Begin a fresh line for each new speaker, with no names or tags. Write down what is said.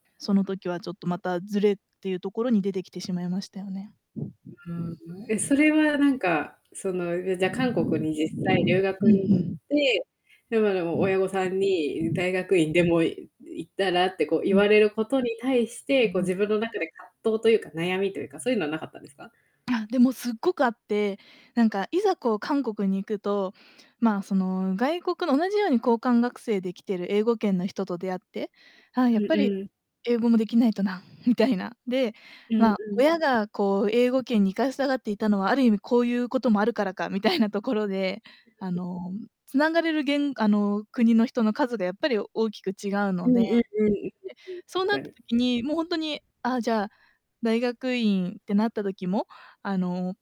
その時は、ちょっとまた、ずれっていうところに出てきてしまいましたよね。
うーん、ん、え、それはなんか、その、うじゃ、韓国に実際留
うん
学
う
に行っ
ん。
て、で、ま、でも、親御さんに、ん、大学院でも、い行ったらって、こう、言
うん。
われることに対し
う
て、
んう
こう、
ん。
自分の中で葛藤というか、悩みというか、そういうのはなかったんですか？
あ、でもすっごくあって、なんかいざ、こう、韓国に行くと、まあ、その、外国の同じように交換学生で来てる英語圏の人と出会って、あ、
う
やっぱ
ん
り、
うん。
英語もできないとな、みたいな。で、
うん
まあ、
うん。
親が、こう、英語圏に行かしたがっていたのは、ある意味、こういうこともあるからか、みたいなところで、あ の、繋がれるげんあの、国の人の数がやっぱり大きく違う
う
の
ん
で。で、
うんうん、うん、うん、
そう
し
なっ
か
た
に。
時に、もうほんとに、あ、じゃあ、大学院ってなった時も、あの